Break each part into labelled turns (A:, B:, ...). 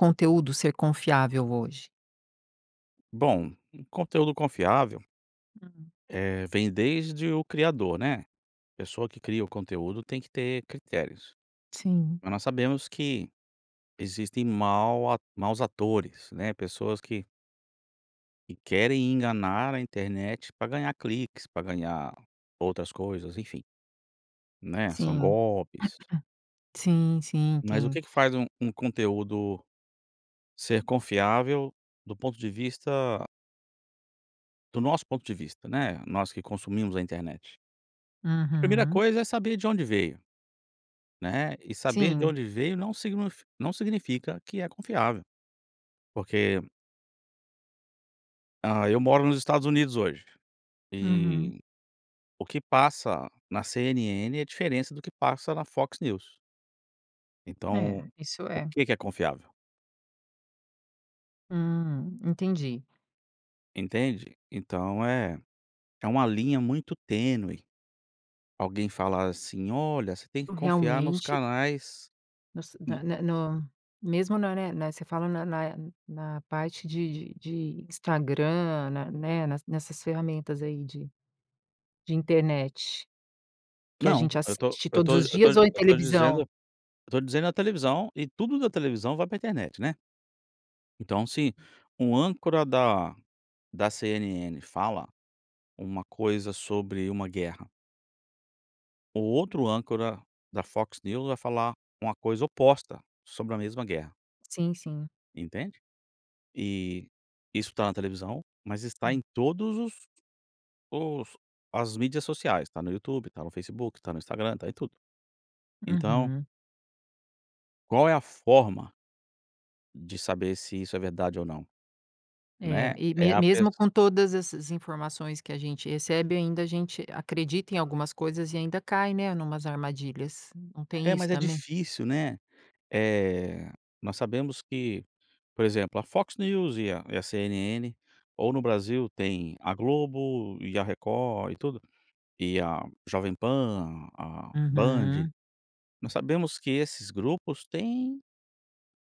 A: Conteúdo ser confiável, hoje?
B: Bom, um conteúdo confiável
A: Uhum.
B: Eh, vem desde o criador, né, a pessoa que cria o conteúdo tem que ter critérios.
A: Sim.
B: Mas, nós sabemos que existem mau atu maus atores, né, pessoas que que querem enganar a internet, pra ganhar cliques, pra ganhar outras coisas, enfim. Né, são
A: Sim.
B: golpes.
A: Sim, sim
B: Mas, o
A: tem
B: que que faz um um conteúdo, ser confiável do ponto de vista do nosso ponto de vista, né, nós que consumimos a internet? Primeira
A: Uhum.
B: coisa é saber de onde veio, né, e saber de
A: Sim.
B: onde veio não signi não significa que é confiável, porque Hã, eu moro nos Estados Unidos hoje,
A: Uhum.
B: eh, o que passa na CNN é diferente do que passa na Fox News.
A: É,
B: Então,
A: isso
B: o
A: é.
B: que que é confiável?
A: Hum, entendi.
B: Entende? Então, é é uma linha muito tênue, alguém falar assim: "Olha você tem que confiar nos
A: Realmente.
B: canais
A: Você,
B: no"
A: na no mesmo, ne ne Você fala na na na parte de de de Instagram, na né, nas nessas ferramentas aí, de de internet, que a
B: Não,
A: gente
B: eu tô
A: assiste
B: eu
A: todos
B: tô
A: os
B: eu tô
A: dias ou em
B: eu tô dizendo
A: televisão?
B: eu estou dizendo a televisão e tudo da televisão vai pra internet, né? Então, assim um âncora da da CNN fala uma coisa sobre uma guerra. O outro âncora da Fox News vai falar uma coisa oposta sobre a mesma guerra.
A: Sim, sim.
B: Entende? Eh, isso tá na televisão, mas está em
A: Hum.
B: todos os os as mídias sociais, tá no YouTube, tá no Facebook, tá no Instagram, tá em tudo. Então
A: Uhum.
B: Qual é a forma de saber se isso é verdade ou não?
A: É,
B: Né?
A: e
B: É
A: me
B: a pess
A: mesmo com todas essas informações que a gente recebe, ainda a gente acredita em algumas coisas e ainda cai, né, numas armadilhas. Não tem
B: É,
A: isso
B: mas é
A: também?
B: difícil, né? Eh, nós sabemos que, por exemplo, a Fox News e a e a CNN ou no Brasil, tem a Globo e a Record, e tudo. E a Jovem Pan, a a Band.
A: Aham.
B: Nós sabemos que esses grupos têm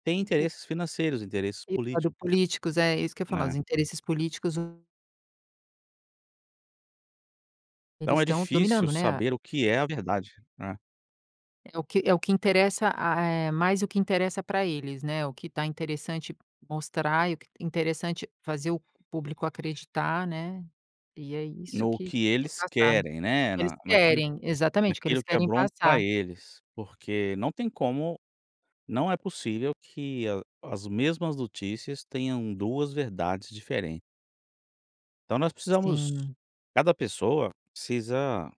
B: têm
A: O o
B: interesses financeiros, interesses
A: Tem o
B: políticos.
A: lado políticos. É, isso que eu ia falar. Os
B: Né?
A: interesses políticos Eles
B: Então é
A: estão
B: difícil
A: dominando, né, a
B: saber o que é a verdade, né?
A: É o que é o que interessa a eh, mais o que interessa pra eles, né? O que tá interessante mostrar e o que interessante fazer o público acreditar, né? E é isso
B: No
A: que
B: que
A: que tem
B: eles
A: passado.
B: querem,
A: O
B: né?
A: que eles
B: Na naquilo
A: querem, exatamente, o que eles
B: naquilo que é
A: querem
B: bom pra
A: passar.
B: eles, porque não tem como não é possível que a as mesmas notícias tenham 2 verdades diferentes. Então nós precisamos
A: Sim.
B: cada pessoa precisa,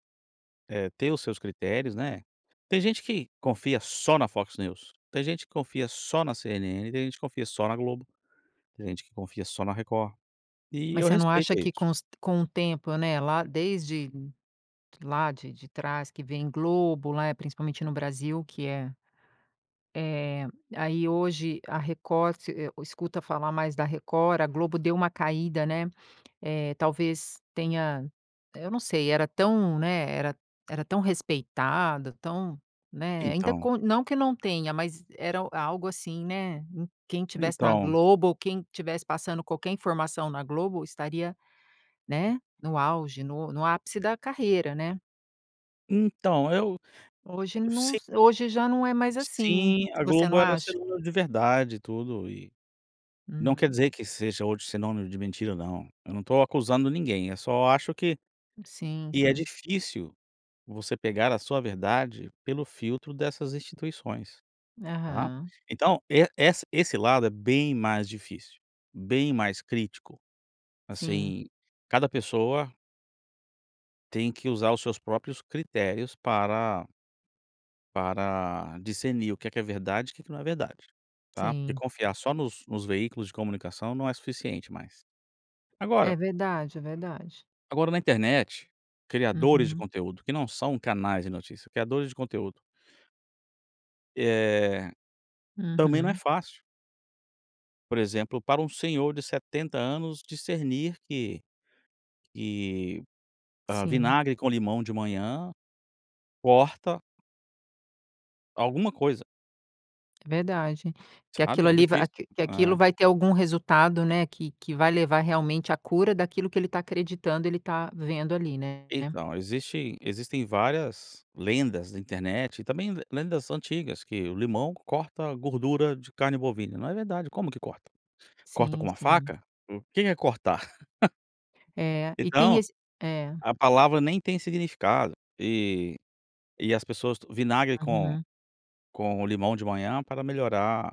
B: eh, ter os seus critérios, né? Tem gente que confia só na Fox News, tem gente que confia só na CNN, tem gente que confia só na Globo, tem gente que confia só na Record. E
A: Mas
B: eu
A: você não
B: respeito
A: acha que
B: isso.
A: com os com o tempo, né, lá desde lá de de trás, que vem Globo, lá, principalmente no Brasil, que é eh, aí, hoje a Record, você, eh, escuta falar mais da Record. A Globo deu uma caída, né? Eh, talvez tenha eu não sei. Era tão, né, era era tão respeitada, tão, né, ainda
B: Então.
A: com não que não tenha, mas era o algo, assim, né, em quem estivesse na
B: Então.
A: Globo, ou quem estivesse passando qualquer informação na Globo estaria, né, no auge, no no ápice da carreira, né?
B: Então eu
A: Hoje não
B: s
A: s hoje já não é mais assim, hein?
B: Sim, a
A: Você não
B: Globo era
A: acha?
B: sinônimo de verdade e tudo, e não quer
A: Uhum.
B: dizer que seja hoje sinônimo de mentira não. Eu não tô acusando ninguém. Eu só acho que
A: Sim
B: que é
A: sim.
B: difícil você pegar a sua verdade pelo filtro dessas instituições. Tá?
A: Aham.
B: Então e ess esse lado é bem mais difícil, bem mais crítico.
A: Sim.
B: Assim, cada pessoa tem que usar os seus próprios critérios para para discernir o que que é verdade e o que que não é verdade, tá? Porque
A: Sim.
B: confiar só nos nos veículos de comunicação não é suficiente mais.
A: É
B: Agora
A: verdade. É verdade.
B: Agora, na internet, criadores de
A: Uhum.
B: conteúdo que não são canais de notícia criadores de conteúdo Eh, também não é
A: Uhum.
B: fácil. Por exemplo para um senhor de 70 anos discernir que que, hã,
A: Sim.
B: vinagre com limão de manhã, corta alguma coisa.
A: Verdade, que
B: Sabe?
A: aquilo
B: É
A: ali va
B: difícil,
A: que aquilo
B: é.
A: vai ter algum resultado, né, que que vai levar realmente a cura daquilo que ele tá acreditando ele tá vendo ali né?
B: Então existe existem várias lendas na internet, e também lendas antigas que o limão corta gordura de carne bovina. Não é verdade como que corta? Corta com
A: Sim
B: uma
A: sim.
B: faca, o que que é cortar?
A: É, e tem
B: Então,
A: esse é.
B: a palavra nem tem significado. E e as pessoas tomam vinagre com
A: Uhum.
B: com o limão de manhã para melhorar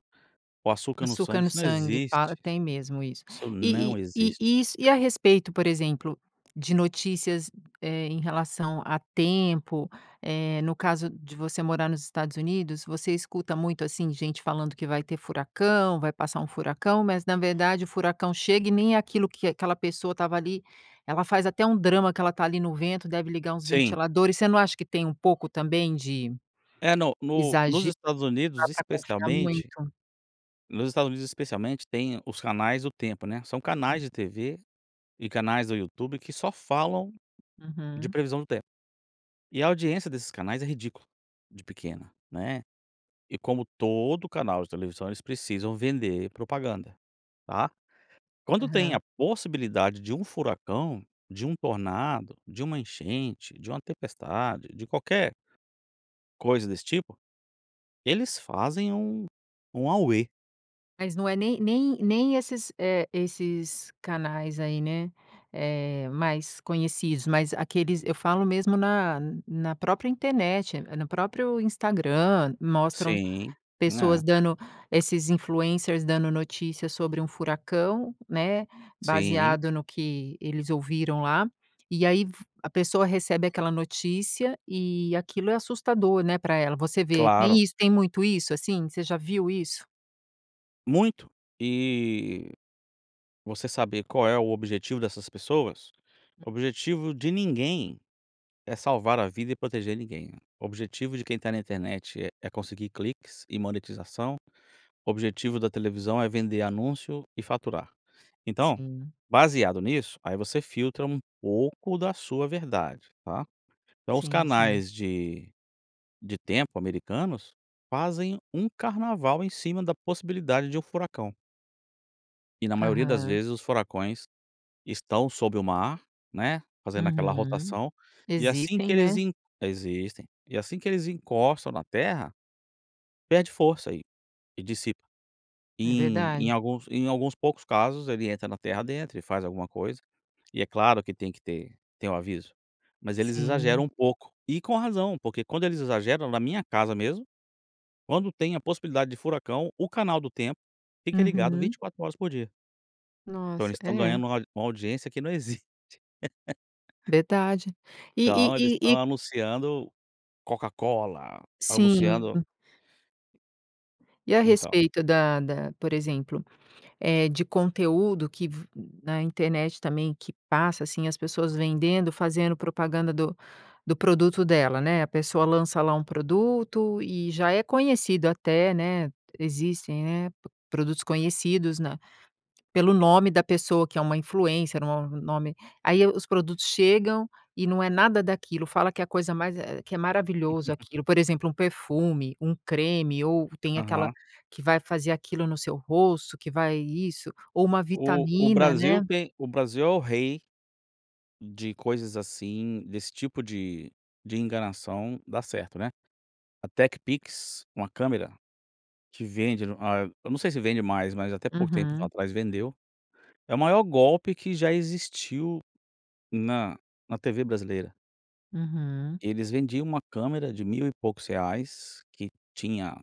B: o açúcar no sangue,
A: Açúcar no
B: isso não
A: sangue para
B: existe,
A: tem mesmo isso.
B: isso não
A: E e
B: existe.
A: e is e a respeito por exemplo, de notícias, eh, em relação a tempo, eh, no caso de você morar nos Estados Unidos, você escuta muito assim, gente falando que vai ter furacão, vai passar um furacão, mas na verdade o furacão chega e nem é aquilo que aquela pessoa estava ali, ela faz até um drama, que ela está ali no vento, deve ligar uns
B: Sim.
A: ventiladores, você não acha que tem pouco também de
B: É no no nos
A: exagero,
B: Estados
A: não dá
B: Unidos
A: pra confiar
B: especialmente
A: muito?
B: nos Estados Unidos especialmente tem os canais do tempo né, são
A: [unintelligible]
B: canais de TV, e canais do YouTube que só falam de
A: Uhum.
B: previsão do tempo. E a audiência desses canais é ridícula de pequena, né. E como todo canal de televisão eles precisam vender propaganda, tá. Quando tem a
A: Aham.
B: possibilidade de um furacão, de um tornado, de uma enchente, de uma tempestade, de qualquer coisa desse tipo, eles fazem um um auê.
A: Mas não é nem nem nem, eh, esses canais aí, né. É, mais conhecidos, mas aqueles eu falo mesmo na na própria internet, eh, no próprio Instagram, mostram
B: Sim,
A: pessoas
B: né.
A: dand esses influencers dando notícias sobre um furacão, né,
B: Sim.
A: baseado no que eles ouviram lá, e aí v a pessoa recebe aquela notícia, e aquilo é assustador, né, pra ela. Você vê
B: Claro.
A: tem isso? Tem muito isso assim? Você já viu isso?
B: Muito. E você saber qual é o objetivo dessas pessoas, o objetivo de ninguém é salvar a vida e proteger ninguém. O objetivo de quem tá na internet é é conseguir cliques e monetização, o objetivo da televisão é vender anúncio e faturar. Então,
A: Sim.
B: baseado nisso, aí você filtra um pouco da sua verdade, tá. Então, os
A: Sim sim.
B: canais de de tempo americanos fazem um carnaval em cima da possibilidade de um furacão. E na maioria das
A: Aham.
B: vezes os furacões estão sobre o mar, né, fazendo aquela
A: Uhum.
B: rotação e assim que
A: Existem,
B: eles
A: né?
B: en existem, e assim que eles encostam na terra, perde força e e dissipa.
A: É
B: Em em
A: verdade.
B: alguns em alguns poucos casos ele entra na terra a dentro e faz alguma coisa, e é claro que tem que ter tem aviso, mas eles exageram
A: Sim.
B: um pouco. E com razão, porque quando eles exageram, na minha casa mesmo, quando tem a possibilidade de furacão o canal do tempo fica ligado
A: Uhum.
B: 24 horas por dia. Então
A: Nossa,
B: eles estão
A: é.
B: ganhando uma uma audiência que não existe.
A: Verdade. E e
B: Então eles
A: e
B: estão
A: e
B: anunciando Coca-Cola, anunciando
A: Sim. E a
B: Então.
A: respeito da da, por exemplo, eh, de conteúdo que v na internet também, que passa, assim, as pessoas vendendo, fazendo propaganda do do produto dela, né. A pessoa lança lá um produto, e já é conhecido até, né, existem eh, produtos conhecidos na pelo nome da pessoa, que é uma influencer, um ou nome. Aí, os produtos chegam e não é nada daquilo, fala que é a coisa mais eh, que é maravilhoso aquilo, por exemplo, um perfume, um creme, ou, tem aquela,
B: Aham.
A: que vai fazer aquilo no seu rosto, que vai isso, ou uma
B: O o
A: vitamina
B: Brasil
A: né.
B: tem o Brasil é o rei de coisas assim desse tipo de de enganação, dá certo, né. A TecPix, uma câmera, que vende, ah, eu não sei se vende mais, mas até pouco tempo
A: Uhum.
B: atrás vendeu. É o maior golpe que já existiu na na TV brasileira.
A: Uhum.
B: Eles vendiam uma câmera de mil e poucos reais que tinha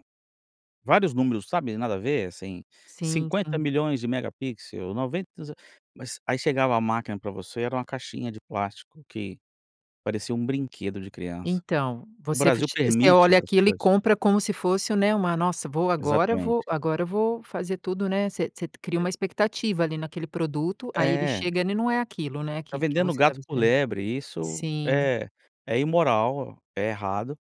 B: vários números, sabe. Nada a ver, assim,
A: Sim,
B: cinquenta
A: sim.
B: milhões de megapixels, 90 não s mas aí chegava a máquina pra você, era uma caixinha de plástico que parecia um brinquedo de criança.
A: Então,
B: O
A: você f
B: Brasil
A: você
B: permite
A: olha
B: essas
A: aquilo e
B: coisas.
A: compra como se fosse um, né, nossa vou, agora vou
B: Exatamente.
A: agora vou fazer tudo, né. Você você cria
B: E.
A: uma expectativa ali naquele produto, aí ele
B: É.
A: chega ele não é aquilo, né,
B: Tá
A: que que
B: vendendo
A: você está
B: gato
A: me
B: por
A: esperando.
B: lebre, isso
A: Sim.
B: é é imoral, é errado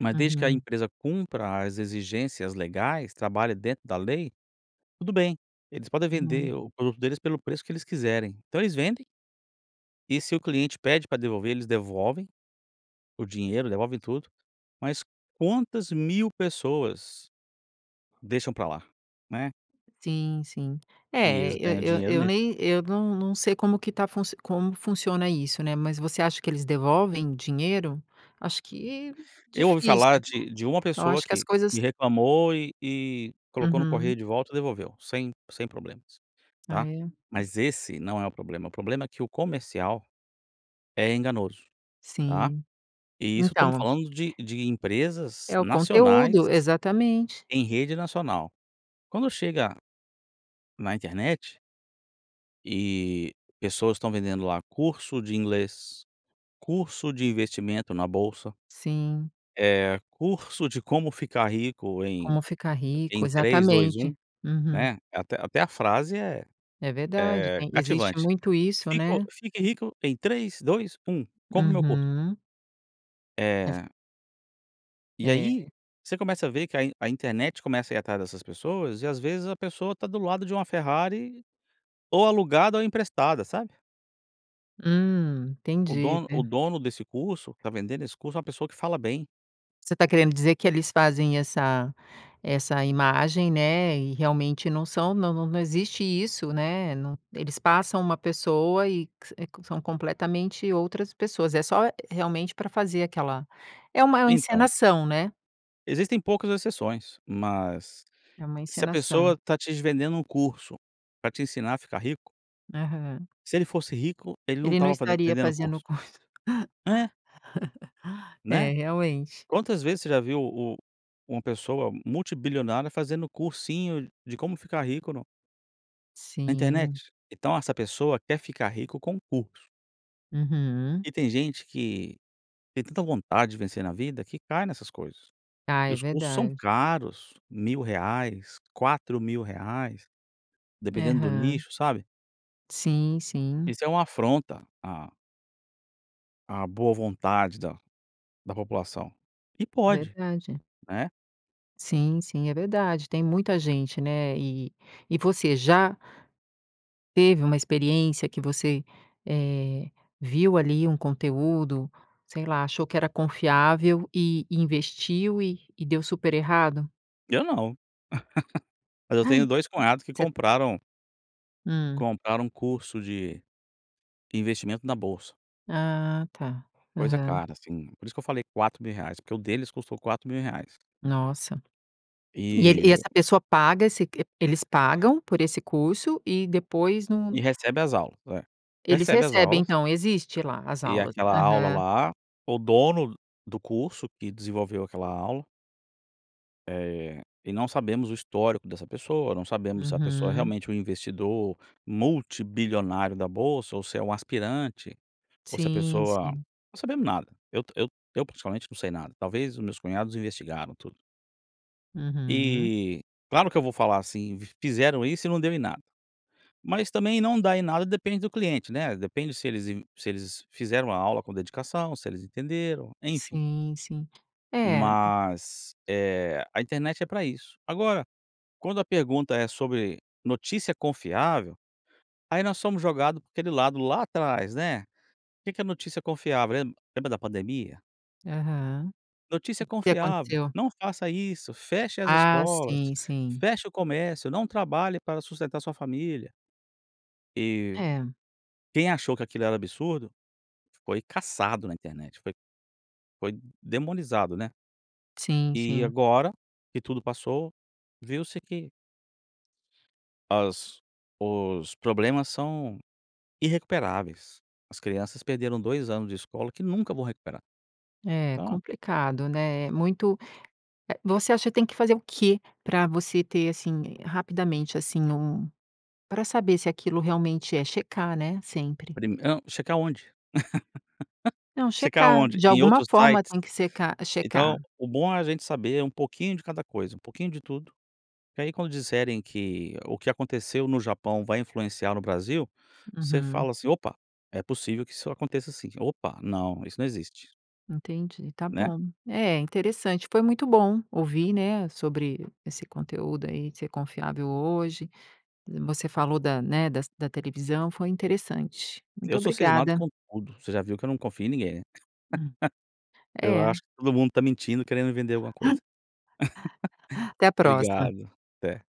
B: Mas desde que a
A: Uhum.
B: empresa cumpra as exigências legais, trabalha dentro da lei, tudo bem. Eles podem
A: Uhum.
B: vender o produto deles pelo preço que eles quiserem então eles vendem e se o cliente pede pra devolver, eles devolvem o dinheiro, devolvem tudo. Mas quantas mil pessoas deixam pra lá, né.
A: Sim sim.
B: E
A: É,
B: eles ganham
A: eu eu
B: dinheiro
A: eu
B: nisso.
A: nem eu não não sei como que tá como funciona isso, né, mas você acha que eles devolvem dinheiro? Acho que,
B: Eu ouvi
A: difícil.
B: falar de de uma
A: Eu
B: pessoa
A: acho que as
B: que
A: coisas
B: que reclamou e e colocou no
A: Uhum.
B: correio de volta devolveu, sem sem problemas,
A: Ah
B: tá.
A: é. Hum.
B: Mas esse não é o problema, o problema é que o comercial é enganoso, tá.
A: Sim.
B: E isso estamos
A: Então.
B: falando de de empresas
A: É o
B: nacionais
A: conteúdo, exatamente.
B: em rede nacional. Quando chega na internet e pessoas estão vendendo lá curso de inglês, curso de investimento na bolsa.
A: Sim.
B: Eh curso de como ficar rico em
A: Como ficar rico,
B: em 3, 2,
A: exatamente.
B: 1,
A: Uhum.
B: né, até até a frase é
A: É verdade,
B: é
A: tem existe
B: cativante,
A: muito isso,
B: fico
A: né?
B: fique rico em 3, 2, 1 compra o meu curso.
A: Uhum. É v
B: Eh. E aí,
A: É.
B: você começa a ver que a in a internet começa a ir atrás dessas pessoas, e às vezes a pessoa tá do lado de uma Ferrari ou alugada ou emprestada, sabe?
A: Hum,
B: O
A: entendi.
B: dono o
A: Ver
B: dono desse curso tá vendendo esse curso a uma pessoa que fala bem.
A: Você tá querendo dizer que eles fazem essa essa imagem, né, e realmente não são não não existe isso, né. Não Eles passam uma pessoa e que s eh, que são completamente outras pessoas. É só, realmente, pra fazer aquela é uma
B: Então
A: encenação, né?
B: existem poucas exceções, mas
A: É uma
B: se a
A: encenação.
B: pessoa tá te s vendendo curso pra te ensinar a ficar rico
A: Aham.
B: se ele fosse rico, ele não
A: Ele não
B: estava faze
A: estaria
B: vendendo
A: fazendo o
B: curso.
A: curso.
B: É.
A: É,
B: Né,
A: realmente.
B: quantas vezes você já viu o uma pessoa multibilionária fazendo cursinho de como ficar rico no na
A: Sim.
B: internet. Então essa pessoa quer ficar rico com curso.
A: Uhum.
B: E tem gente que tem tanta vontade de vencer na vida que cai nessas coisas
A: Ah,
B: e
A: é
B: os custos são
A: verdade.
B: caros, R$1000, R$4000, dependendo do
A: Aham.
B: nicho, sabe?
A: Sim, sim.
B: Isso é uma afronta à À boa vontade da da população e
A: É
B: pode,
A: verdade.
B: né?
A: Sim, sim é verdade, tem muita gente, né, e e você já teve uma experiência que você, eh, viu ali um conteúdo, sei lá, achou que era confiável e e investiu e e deu super errado?
B: Eu não, mas eu
A: Ai,
B: tenho
A: e
B: 2 cunhados que
A: você
B: compraram
A: Hum.
B: compraram curso de investimento na bolsa.
A: Ah, tá.
B: Coisa
A: Aham.
B: cara sim, por isso que eu falei R$4.000, porque o deles custou R$4.000.
A: Nossa! E ele e
B: E
A: essa pessoa paga se q eles pagam por esse curso e depois num
B: E recebe as aulas. É,
A: Eles
B: recebe as
A: recebem
B: aulas
A: então, existe lá as
B: e
A: aulas, né.
B: aquela aula
A: Aham.
B: lá o dono do curso que desenvolveu aquela aula eh, e não sabemos o histórico dessa pessoa, não sabemos se a pessoa é
A: Uhum.
B: realmente um investidor multibilionário da bolsa ou se é um aspirante ou se a
A: Sim,
B: pessoa
A: sim.
B: não sabemos nada eu eu eu principalmente não sei nada, talvez os meus cunhados investigaram tudo.
A: Uhum.
B: E claro que eu vou falar assim: "Fizeram isso e não deu em nada". Mas também não dá em nada depende do cliente, né, depende se eles in se eles fizeram a aula com dedicação, se eles entenderam, enfim.
A: Sim, sim. É.
B: Mas, eh, a internet é pra isso. Agora quando a pergunta é sobre notícia confiável, aí nós somos jogado aquele lado lá, atrás, né? O que que é notícia confiável? Lem lembra da pandemia?
A: Aham.
B: "Notícia
A: E que que
B: confiável".
A: aconteceu?
B: "Não faça isso". "Feche as
A: Ah.
B: escolas,
A: Sim, sim.
B: feche o comércio". "Não trabalhe para sustentar sua família". E
A: É.
B: quem achou que aquilo era absurdo, foi caçado na internet, foi foi demonizado, né?
A: Sim,
B: E
A: sim.
B: agora que tudo passou viu-se que as os problemas são irrecuperáveis. As crianças perderam 2 anos de escola que nunca vão recuperar.
A: É
B: Então
A: complicado, né? Muito eh, você acha que tem que fazer o que pra você ter, assim, eh, rapidamente, assim, um pra saber se aquilo realmente é checar, né? Sempre.
B: Prime hã checar onde?
A: Não,
B: Checar
A: checar.
B: onde?
A: De
B: Em
A: alguma
B: outros
A: forma
B: sites?
A: tem que secar checar.
B: Então o bom é a gente saber um pouquinho de cada coisa, um pouquinho de tudo. Porque, aí, quando disserem que o que aconteceu no Japão vai influenciar no Brasil, você
A: Aham.
B: fala assim: "Opa, é possível que isso aconteça assim"; "Opa, não. Isso não existe".
A: Entendi. Tá
B: Né?
A: bom. É, interessante. Foi muito bom ouvir, né? Sobre esse conteúdo, aí, de ser confiável hoje. Você falou da, né, das da televisão. Foi interessante. Muito
B: Eu sou cismado
A: obrigada.
B: com tudo. Você já viu que eu não confio em ninguém.
A: Hum.
B: Eu
A: É.
B: acho que todo mundo tá mentindo, querendo vender alguma coisa.
A: Até a próxima.
B: Obrigado. Até.